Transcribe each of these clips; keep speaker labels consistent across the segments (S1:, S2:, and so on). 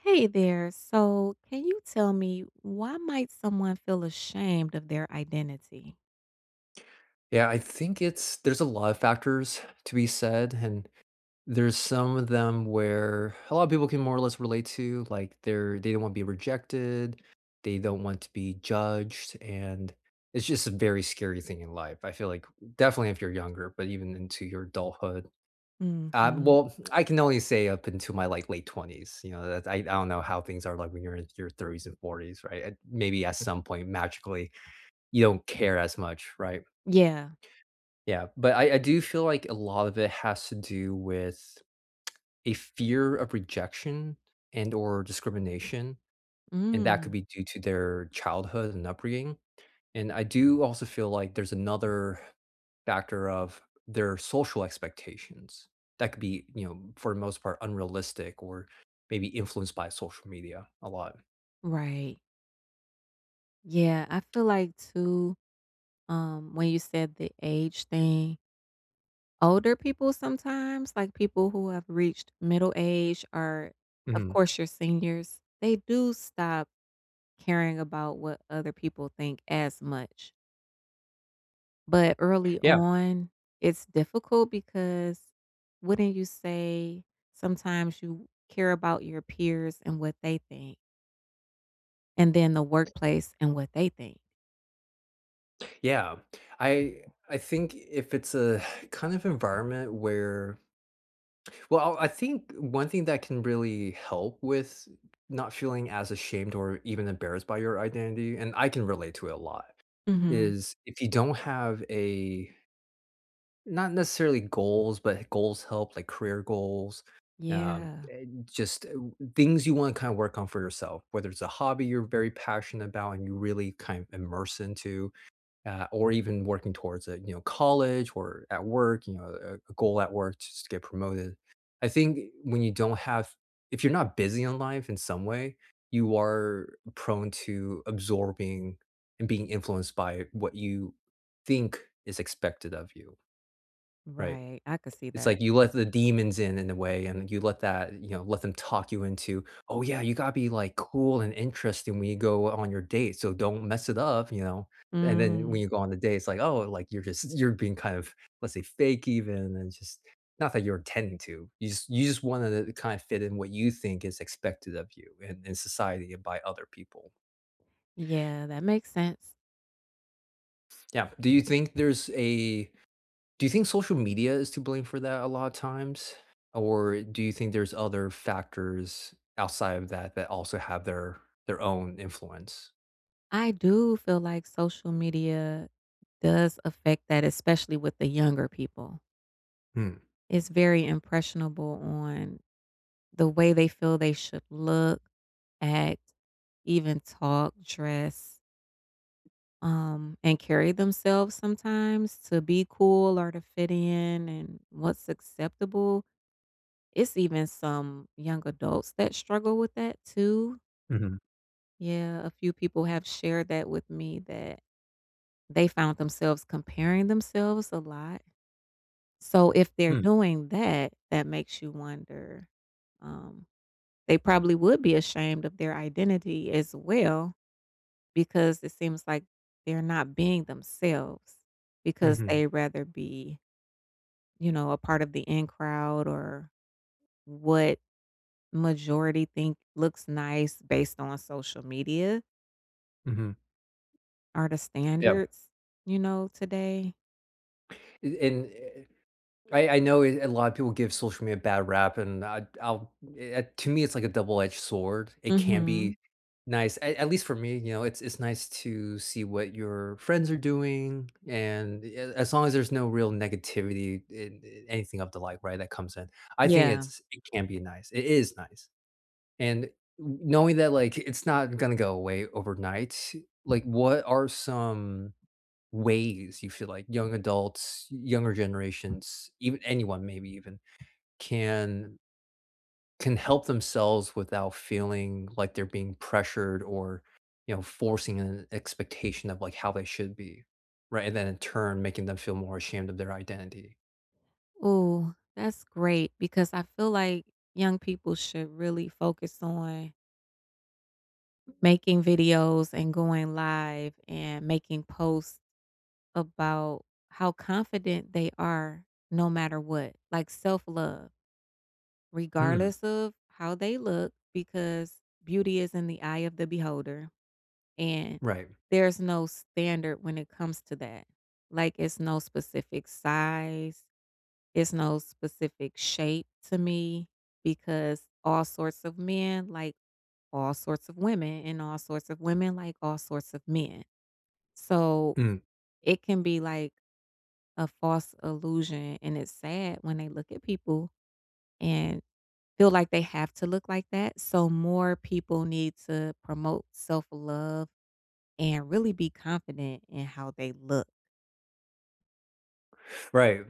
S1: Hey there, so can you tell me why might someone feel ashamed of their identity?
S2: Yeah, I think it's there's a lot of factors to be said and there's some of them where a lot of people can more or less relate to, like, they're they don't want to be rejected, they don't want to be judged, and it's just a very scary thing in life, I feel like definitely if you're younger, but even into your adulthood. Ab
S1: Mhm.
S2: well, I can only say up until my, like, late 20s, you know, that's I I don't know how things are, like, when you're in your 30s and 40s, right, and maybe at some point, magically, you don't care as much, right?
S1: Yeah.
S2: Yeah, but I I do feel like a lot of it has to do with a fear of rejection and or discrimination, and that could
S1: Mm.
S2: be due to their childhood and upbringing, and, I do also feel like there's another factor of their social expectations that could be, you know, for the most part unrealistic or maybe influenced by social media a lot.
S1: Right. Yeah, I feel like too, um, when you said the age thing older people sometimes, like people who have reached middle age or, of
S2: Mhm.
S1: course, your seniors, they do stop caring about what other people think as much. But early
S2: Yeah.
S1: on, it's difficult, because wouldn't you say sometimes you care about your peers and what they think and then the workplace and what they think?
S2: Yeah, I I think if it's a kind of environment where well, I I think one thing that can really help with not feeling as ashamed or even embarrassed by your identity, and I can relate to it a lot,
S1: Mhm.
S2: is, if you don't have a not necessarily goals, but goals help, like career goals, um,
S1: Yeah.
S2: and just, uh, things you wanna kinda work on for yourself, whether it's a hobby you're very passionate 'bout and you really kinda immerse into, ah, or even working towards it, you know, college or at work, you know, eh, a goal at work just to get promoted. I think, eh, when you don't have if you're not busy on life in some way, you are prone to absorbing and being influenced by what you think is expected of you. Right.
S1: Right. I could see
S2: It's
S1: that.
S2: like you let the demons in, in a way and you let that, you know, let them talk you into, "Oh, yeah, you gotta be, like, cool and interesting when you go, uh, on your date, so don't mess it up," you know, and then
S1: Mm.
S2: when you go on the date, it's like, "Oh," eh, like you're just you're being kind of, let's say, "fake even," and just not that you're intending to, you just you just wanted to kinda fit in what you think is expected of you in in society and by other people.
S1: Yeah, that makes sense.
S2: Yeah. Do you think there's a do you think social media is to blame for that a lot of times? Or do you think there's other factors outside of that that also have their their own influence?
S1: I do feel like social media does affect that, especially with the younger people.
S2: Mm.
S1: It's very impressionable on the way they feel they should look, act, even talk, dress um, and carry themselves sometimes to be cool or to fit in, and what's acceptable. It's even some young adults that struggle with that too.
S2: Mhm.
S1: Yeah, a few people have shared that with me that they found themselves comparing themselves a lot. So if they're
S2: Mm.
S1: doing that, that makes you wonder, um, they probably would be ashamed of their identity as well, because it seems like they're not being themselves, because they
S2: Mhm.
S1: rather be, you know, a part of the in crowd, or what majority think looks nice based on social media
S2: Mhm.
S1: are the
S2: Yep.
S1: standards, you know, today.
S2: Eh, and, eh eh, I I know a lot of people give social media bad rap, and I'd I'll, eh eh, to me, it's like a double edged sword. It can
S1: Mhm.
S2: be nice. At at least for me, you know, it it's nice to see what your friends are doing and, eh, as long as there's no real negativity in, eh, anything of the like, right, that comes in. I think
S1: Yeah.
S2: it's it can be nice. It is nice, and, kn knowing that, like, it's not gonna go away overnight, like, what are some ways you feel like young adults, younger generations, even anyone maybe even, can can help themselves without feeling like they're being pressured or, you know, forcing a expectation of, like, how they should be, right, and then in turn, making them feel more ashamed of their identity.
S1: Ooh, that's great because I feel like, young people should really focus on making videos and going live and making posts about how confident they are no matter what, like self-love.
S2: Mm.
S1: Regardless of how they look because beauty is in the eye of the beholder, and
S2: Right.
S1: there's no standard when it comes to that. Like, it's no specific size, it's no specific shape to me because all sorts of men like all sorts of women and all sorts of women like all sorts of men, so,
S2: Mm.
S1: it can be, like, a false illusion, and it's sad when they look at people and feel like they have to look like that, so more people need to promote self-love and really be confident in how they look.
S2: Right.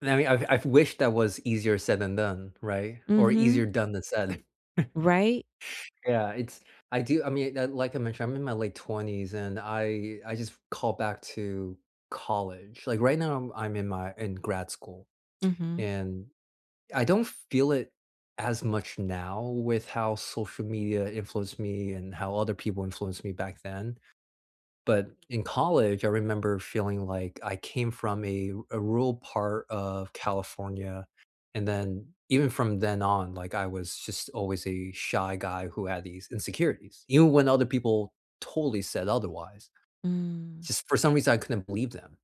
S2: And, I mean, I've I've wished that was easier said than done, right? Or
S1: Mhm.
S2: easier done than said.
S1: Right?
S2: Yeah. It's I do I mean, like like I mentioned, I'm in my late 20s, and I I just called back to college. Like, right now, I'm in my in grad school.
S1: Mhm.
S2: And I don't feel it as much now with how social media influenced me and how other people influenced me back then. But in college, I remember feeling like I came from a a rural part of California. And then even from then on, like, I was just always a shy guy who had these insecurities. Even when other people totally said otherwise.
S1: Mm.
S2: Just for some reason I couldn't believe them.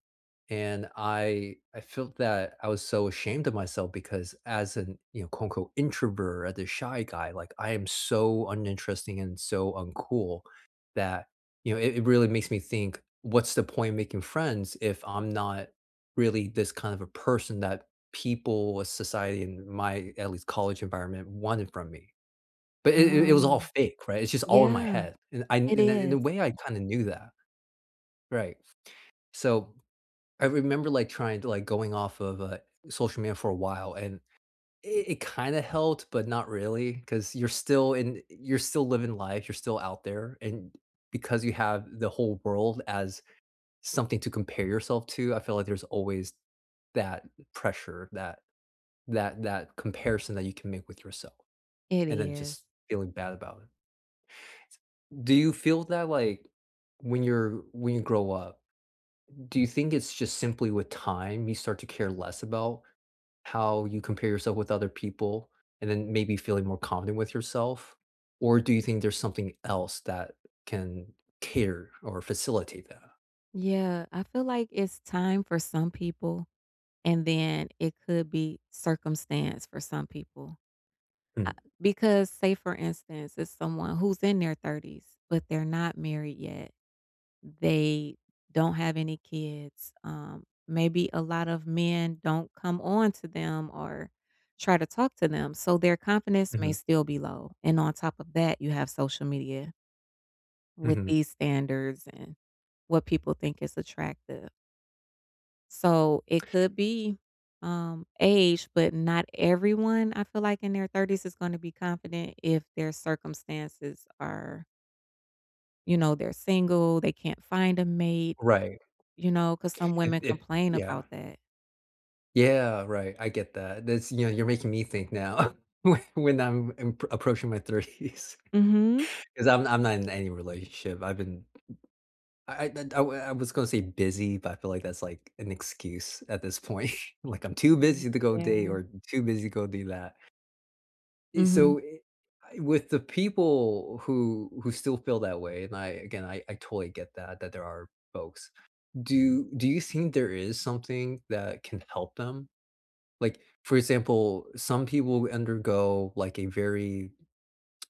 S2: And I I felt that I was so ashamed of myself because as an, you know, quote, unquote "introvert," as a shy guy, like, I am so uninteresting and so uncool that, you know, it it really makes me think what's the point in making friends if I'm not really this kind of a person that people of society in my at least college environment wanted from me. But it it it was all
S1: Oh.
S2: fake. Right? It's just all in my
S1: Yeah.
S2: head. And I and
S1: It
S2: and in a
S1: is.
S2: way, I kinda knew that. Right. So, I remember, like, trying to, like, going off of, uh, social media for a while and it it kinda helped but not really 'cause you're still in you're still living life, you're still out there. And because you have the whole world as something to compare yourself to, I feel like there's always that pressure, that that that comparison that you can make with yourself
S1: It
S2: and then
S1: is.
S2: just feeling bad about it. Do you feel that, like, when you're when you grow up, do you think it's just simply with time you start to care less about how you compare yourself with other people and then maybe feeling more confident with yourself? Or do you think there's something else that can cater or facilitate that?
S1: Yeah. I feel like it's time for some people, and then it could be circumstance for some people. Ah because, say, for instance, it's someone who's in their 30s, but they're not married yet. They don't have any kids. Um, maybe a lot of men don't come on to them or try to talk to them, so their confidence may
S2: Mhm.
S1: still be low. And on top of that, you have social media with
S2: Mhm.
S1: these standards and what people think is attractive. So, it could be, um, age, but not everyone, I feel like, in their 30s is gonna be confident if their circumstances are you know, they're single, they can't find a mate.
S2: Right.
S1: You know, 'cause some
S2: It
S1: women
S2: it
S1: complain
S2: yeah.
S1: about that.
S2: Yeah, right, I get that. That's, you know, you're making me think now whe when I'm I'm approaching my 30's
S1: Mhm.
S2: 'cause I'm I'm not in any relationship. I've been I I uh d I I was gonna say busy, but I feel like that's, like, an excuse at this point. Like, I'm too
S1: Mm.
S2: busy to go date
S1: Yeah.
S2: or too busy go do that.
S1: Mm.
S2: So, i I with the people who who still feel that way and I, again, I totally get that that there are folks. Do do you think there is something that can help them? Like, for example, some people undergo, like, a very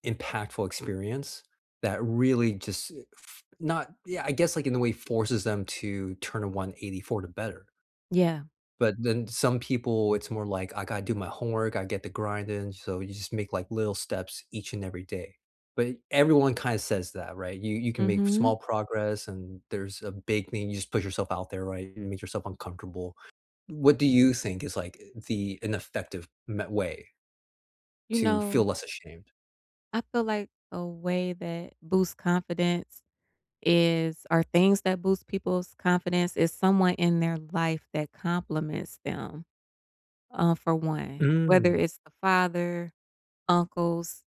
S2: impactful experience that really just eh f not yeah. I guess, like, in a way forces them to turn a one eighty for the better.
S1: Yeah.
S2: But then some people, it's more like, "I gotta do my homework. I get the grind in." So, you just make, like, little steps each and every day, but everyone kinda says that, right? You you can make small
S1: Mhm.
S2: progress, and there's a big thing. You just put yourself out there, right? You make yourself uncomfortable. What do you think is, like, the ineffective me way,
S1: You
S2: to feel
S1: know
S2: less ashamed?
S1: I feel like a way that boosts confidence is or things that boost people's confidence, is someone in their life that compliments them, uh, for one, whether
S2: Mm.
S1: it's the father, uncles,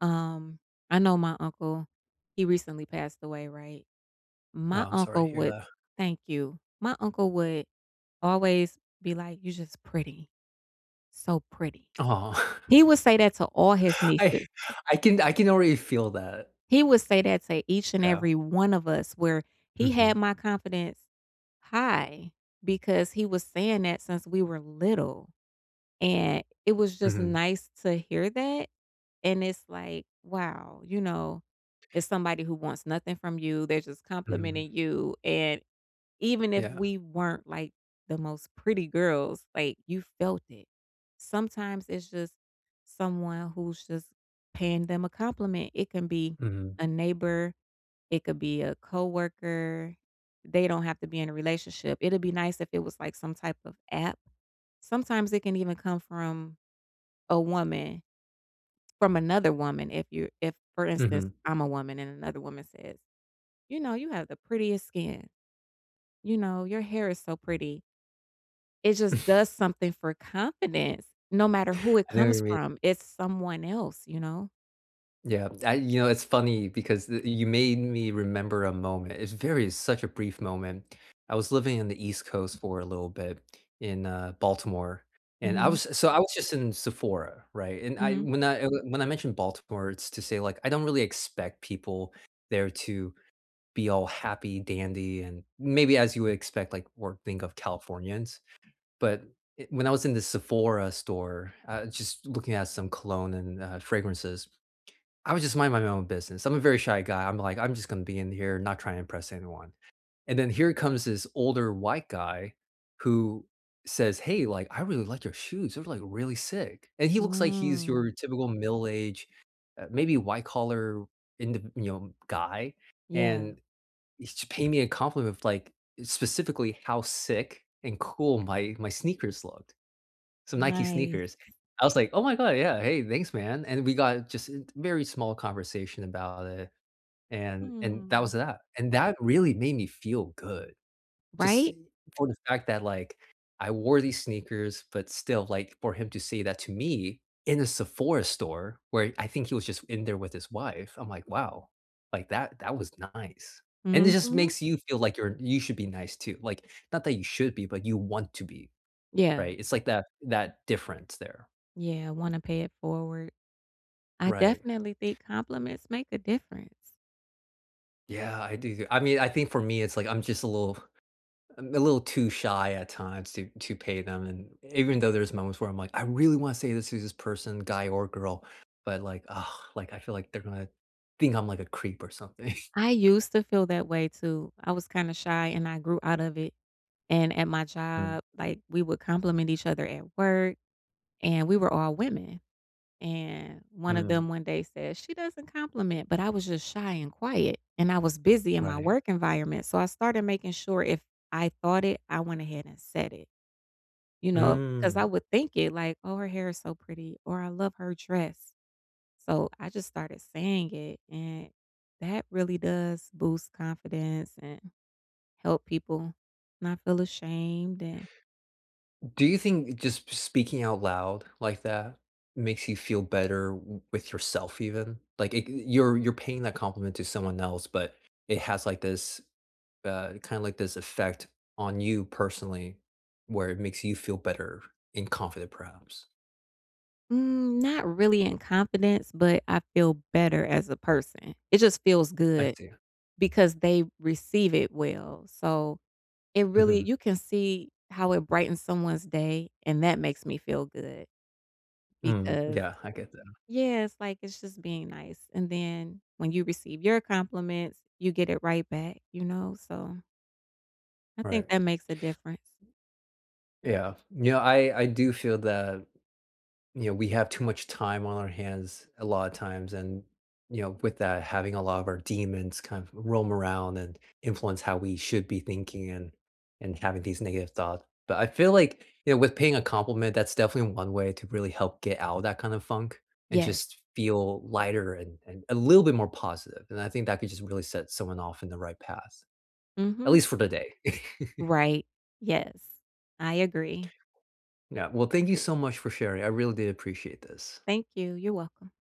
S1: um, I know my uncle he recently passed away, right,
S2: No,
S1: my
S2: I'm sorry to
S1: uncle
S2: hear
S1: would
S2: that.
S1: Thank you. My uncle would always be like, "You're just pretty, so pretty."
S2: Aw.
S1: He would say that to all his
S2: I
S1: nieces.
S2: I can I can already feel that.
S1: He would say that to each and
S2: Yeah.
S1: every one of us where he had
S2: Mhm.
S1: my confidence high because he was saying that since we were little, and it was just
S2: Mhm.
S1: nice to hear that, and it's like, "Wow," you know, it's somebody who wants nothing from you, they're just complimenting
S2: Mhm.
S1: you, and even if
S2: Yeah.
S1: we weren't, like, the most pretty girls, like, you felt it, sometimes it's just someone who's just paying them a compliment. It can be
S2: Mhm.
S1: a neighbor. It could be a coworker, they don't have to be in a relationship, it'd be nice if it was, like, some type of app, sometimes it can even come from a woman from another woman if you if, for instance,
S2: Mhm.
S1: I'm a woman and another woman says, "You know, you have the prettiest skin, you know, your hair is so pretty." It just does something for confidence, no matter who it
S2: I know what you
S1: comes
S2: mean.
S1: from, it's someone else, you know?
S2: Yeah. I you know, it's funny because th you made me remember a moment. It's very such a brief moment. I was living on the East Coast for a little bit in, uh, Baltimore, and I
S1: Mhm.
S2: was so I was just in Sephora, right, and I
S1: Mhm.
S2: when I, eh, when I mentioned Baltimore, it's to say, like, I don't really expect people there to be all happy, dandy, and maybe as you would expect, like, or think of Californians, but, eh, when I was in the Sephora store, uh, just looking at some cologne and, uh, fragrances, I was just minding my own business, I'm a very shy guy, I'm like, "I'm just gonna be in here, not try and impress anyone," and then here comes this older white guy who says, "Hey, like, I really like your shoes, they're, like, really sick," and he looks like he's your
S1: Mm.
S2: typical middle-aged, uh, maybe white-collar in th you know, guy,
S1: Yeah.
S2: and he's paying me a compliment of, like, specifically how sick and cool my my sneakers looked. Some Nike
S1: Nice.
S2: sneakers. I was like, "Oh my god, yeah, hey, thanks, man," and we got just in t very small conversation about it, and and that
S1: Mm.
S2: was that, and that really made me feel good. Just
S1: Right?
S2: for the fact that, like, I wore these sneakers, but still, like, for him to say that to me, in a Sephora store, where I think he was just in there with his wife, I'm like, "Wow," like, that that was nice, and it just
S1: Mhm.
S2: makes you feel like you're you should be nice too, like, not that you should be, but you want to be,
S1: Yeah.
S2: right? It's like that that difference there.
S1: Yeah, wanna pay it forward. I
S2: Right.
S1: definitely think compliments make the difference.
S2: Yeah, I do th I mean, I think for me, it's like, I'm just a little um, a little too shy at times to to pay them and even though there's moments where I'm like, "I really wanna say this is this person, guy or girl," but, like, like, I feel like they're gonna think I'm like a creep or something.
S1: I used to feel that way too. I was kinda shy, and I grew out of it, and at my
S2: Mm.
S1: job, like, we would compliment each other at work, and we were all women, and one of them
S2: Mhm.
S1: one day said, "She doesn't compliment," but I was just shy and quiet, and I was busy in my
S2: Right.
S1: work environment, so I started making sure, if I thought it, I went ahead and said it, you know? 'Cause I
S2: Mm.
S1: would think it, like, "Oh, her hair is so pretty," or, "I love her dress." So I just started saying it, and that really does boost confidence and help people not feel ashamed and
S2: Do you think just p speaking out loud like that makes you feel better w with yourself even? Like, eh, you're you're paying that compliment to someone else, but it has like this, uh, kinda like this effect on you personally where it makes you feel better and confident perhaps.
S1: Mm, not really in confidence, but I feel better as a person, it just feels
S2: I
S1: good,
S2: see.
S1: because they receive it well. So, it really
S2: Mhm.
S1: you can see how it brightens someone's day, and that makes me feel good,
S2: Mm,
S1: because
S2: yeah, I get that.
S1: yeah, it's like it's just being nice. And then, when you receive your compliments, you get it right back, you know? So I think
S2: Right.
S1: that makes a difference.
S2: Yeah. You know, I I do feel that, you know, we have too much time on our hands a lotta times and, you know, with that having a lot of our demons kind of roam around and influence how we should be thinking and and having these negative thoughts. But I feel like, you know, with paying a compliment, that's definitely one way to really help get out of that kind of funk and
S1: Yes.
S2: just feel lighter and and a little bit more positive, and I think that could just really set someone off in the right pass, at least
S1: Mhm.
S2: for the day.
S1: Right. Yes. I agree.
S2: Yeah. Well, thank you so much for sharing, I really do appreciate this.
S1: Thank you. You're welcome.